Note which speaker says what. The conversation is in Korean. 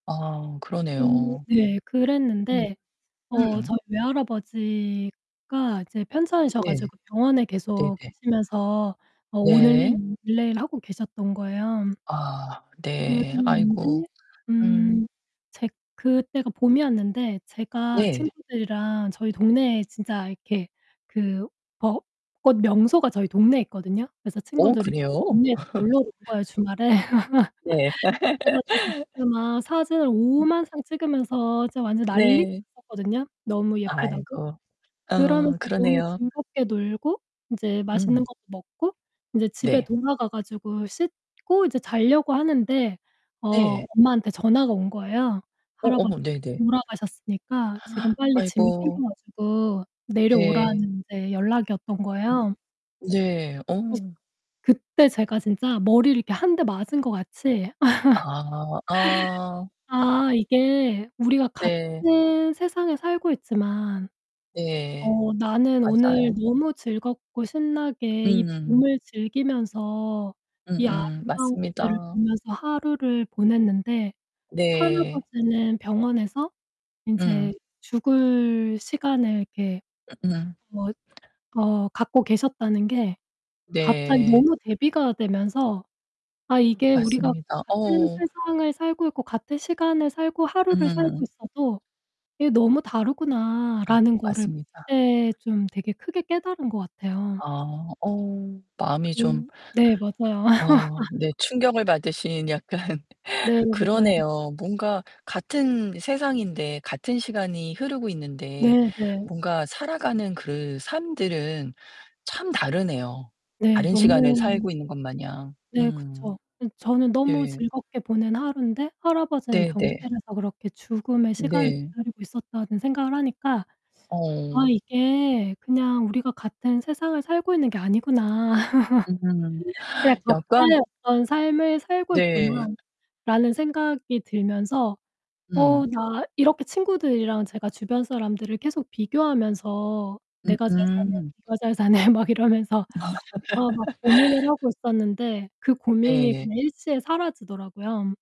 Speaker 1: 아
Speaker 2: 음.
Speaker 1: 그러네요.
Speaker 2: 네
Speaker 1: 음.
Speaker 2: 그랬는데 어
Speaker 1: 음.
Speaker 2: 저희 외할아버지가 이제 편찮으셔
Speaker 1: 네.
Speaker 2: 가지고 병원에 계속
Speaker 1: 네네.
Speaker 2: 계시면서 어 오늘
Speaker 1: 네.
Speaker 2: 내일 내일 하고 계셨던 거예요.
Speaker 1: 아 네. 아이고.
Speaker 2: 그랬는데
Speaker 1: 음.
Speaker 2: 음 제 그때가 봄이었는데 제가
Speaker 1: 네.
Speaker 2: 친구들이랑 저희 동네에 진짜 이렇게 그 벚꽃 명소가 저희 동네에 있거든요. 그래서
Speaker 1: 어
Speaker 2: 친구들이 저희
Speaker 1: 그래요?
Speaker 2: 동네에 다 놀러 온 거예요, 주말에.
Speaker 1: 네.
Speaker 2: 그래 가지고 이제 막 사진을 오만상 찍으면서 진짜 완전
Speaker 1: 음.
Speaker 2: 난리가
Speaker 1: 네.
Speaker 2: 났었거든요, 너무 예쁘다고.
Speaker 1: 아이고. 어
Speaker 2: 그러면서 너무
Speaker 1: 그러네요.
Speaker 2: 즐겁게 놀고 인제 맛있는
Speaker 1: 음.
Speaker 2: 것도 먹고 인제 집에
Speaker 1: 네.
Speaker 2: 돌아가 가지고 씻고 이제 잘려고 하는데 어
Speaker 1: 네.
Speaker 2: 엄마한테 전화가 온 거예요.
Speaker 1: 어어
Speaker 2: 할아버지께서
Speaker 1: 네네.
Speaker 2: 돌아가셨으니까 지금 빨리 짐을
Speaker 1: 아이고.
Speaker 2: 챙겨 가지고 내려오라는
Speaker 1: 네.
Speaker 2: 인제 연락이었던 거예요.
Speaker 1: 네
Speaker 2: [unintelligible]
Speaker 1: 어.
Speaker 2: 그때 제가 진짜 머리를 이렇게 1 대 맞은 것 같이
Speaker 1: 아 아.
Speaker 2: 아 이게 우리가
Speaker 1: 네.
Speaker 2: 같은 세상에 살고 있지만
Speaker 1: 네.
Speaker 2: 어 나는 오늘
Speaker 1: 맞아요.
Speaker 2: 너무 즐겁고 신나게 이
Speaker 1: 음.
Speaker 2: 봄을 즐기면서 이
Speaker 1: 음음.
Speaker 2: 아름다운 것들을
Speaker 1: 맞습니다.
Speaker 2: 보면서 하루를 보냈는데
Speaker 1: 네.
Speaker 2: 할아버지는 병원에서 인제
Speaker 1: 음.
Speaker 2: 죽을 시간을 이렇게
Speaker 1: 응.
Speaker 2: 뭐 어 갖고 계셨다는게 갑자기
Speaker 1: 네.
Speaker 2: 너무 대비가 되면서 '아 이게 우리가
Speaker 1: 맞습니다.
Speaker 2: 같은
Speaker 1: 어.
Speaker 2: 세상을 살고 있고 같은 시간을 살고 하루를 살고
Speaker 1: 음.
Speaker 2: 있어도 이게 너무
Speaker 1: 아
Speaker 2: 다르구나.'라는 거를
Speaker 1: 맞습니다.
Speaker 2: 그때 좀 되게 크게 깨달은 것 같아요.
Speaker 1: 아 어 마음이 좀
Speaker 2: 음 네 맞아요.
Speaker 1: 아 네. 충격을 받으신 약간.
Speaker 2: 네 맞아요.
Speaker 1: 그러네요. 뭔가 같은 세상인데 같은 시간이 흐르고 있는데
Speaker 2: 네 네.
Speaker 1: 뭔가 살아가는 그 삶들은 참 다르네요,
Speaker 2: 네.
Speaker 1: 다른 시간을
Speaker 2: 너무
Speaker 1: 살고 있는 것마냥,
Speaker 2: 네
Speaker 1: 음.
Speaker 2: 그쵸. 예 '저는 너무
Speaker 1: 네.
Speaker 2: 즐겁게 보낸 하루인데 할아버지는
Speaker 1: 네 네.
Speaker 2: 병실에서 그렇게 죽음의 시간을
Speaker 1: 네.
Speaker 2: 기다리고 있었다.'는 생각을 하니까 아
Speaker 1: 어.
Speaker 2: 이게 그냥 '우리가 같은 세상을 살고 있는 게 아니구나.'
Speaker 1: 음.
Speaker 2: '그냥
Speaker 1: 약간
Speaker 2: 각자의 어떤 삶을 살고
Speaker 1: 네.
Speaker 2: 있구나.'라는 생각이 들면서
Speaker 1: 음.
Speaker 2: '어 나' 이렇게 친구들이랑 제가 주변 사람들을 계속 비교하면서 '내가 잘 사네,
Speaker 1: 음음.
Speaker 2: 네가 잘 사네.' 막 이러면서 아 막 고민을 하고 있었는데 그 고민이
Speaker 1: 네.
Speaker 2: 그냥 일시에 사라지더라고요.